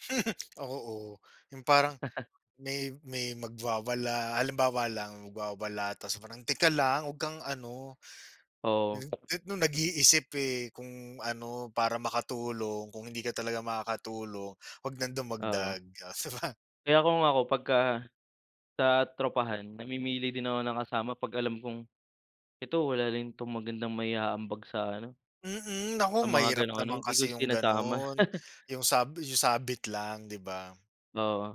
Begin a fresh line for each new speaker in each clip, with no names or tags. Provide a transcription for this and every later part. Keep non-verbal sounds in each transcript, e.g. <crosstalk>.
<laughs> Ako, oo, yung parang
<chuckles>
may may magwawala, halimbawa lang, magwawala, tapos parang teka lang, huwag kang ano,
Oo.
n n noong nag-iisip eh, kung ano, para makatulong kung hindi ka talaga makakatulong, huwag nang
Oo.
dumagdag. Oh, di ba?
Kaya kung ako, pagka sa tropahan, namimili din ako ng kasama 'pag alam kong, "Ito wala rin 'tong magandang mai-aambag sa ano
Mm, naku
sa mga
mahirap
ganong ano."
naman
Hindi ko
kasi yung
sinasama.
gano'n,
<laughs>
yung sabi yung sabit lang, di ba?
Oo,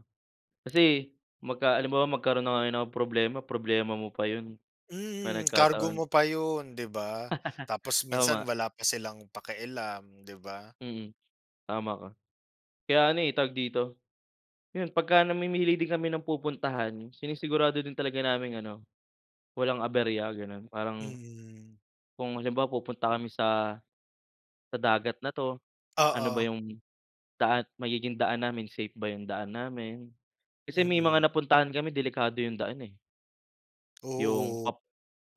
kasi magka halimbawa, magkaroon na nga ng problema, problema mo pa 'yon. 'Pag
Mm, kargo
nagkataon.
mo pa 'yon, di ba? Tapos
<laughs>
minsan,
Tama.
wala pa silang pakialam, di ba?
Mm, tama ka. Kaya ano eh tawag dito 'yon, pagka-namimili din kami ng pupuntahan, sinisigurado din talaga naming ano, walang aberya ganon, parang
Mm.
Kung halimbawa, pupunta kami sa sa dagat na 'to? Ano ba
Oo.
yung daan magiging daan namin, safe ba yung daan namin? Kasi may mga
Mm.
napuntahan kami, delikado yung daan eh. Yung
Oo.
pa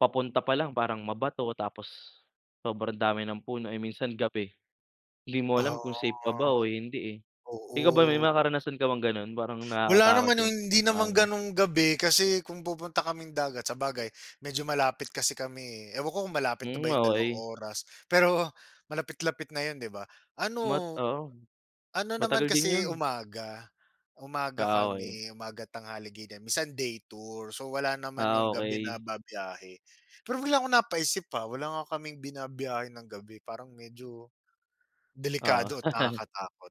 papunta pa lang, parang mabato tapos sobrang dami ng puno, eh, minsan gabi. Di mo
Ah,
alam kung safe pa ba o hindi, eh. Ikaw ba, may
oo.
mga karanasan ka bang gano'n parang
Wala
nakakatakot
naman yung
yung
hindi
pupuntahan
naman
niyo?
ganung gabi kasi kung pupunta kaming dagat sabagay, medyo malapit kasi kami, eh. Ewan ko kung malapit na
Hmm,
ba yung dalawang
okey.
oras, pero malapit-lapit na 'yon, di ba? Ano,
Mat oo,
ano naman
matagal din
kasi
'yon.
umaga umaga
Ah, okey.
kami, umaga, tanghali ganyan, minsan day tour. So, wala naman
Ah,
yung gabi na
okey.
bibiyahe. Pero, bigla akong napaisip, ah, wala nga kaming binabiyahe ng gabi, parang medyo
Oo.
delikado at
<laughs>
nakakatakot.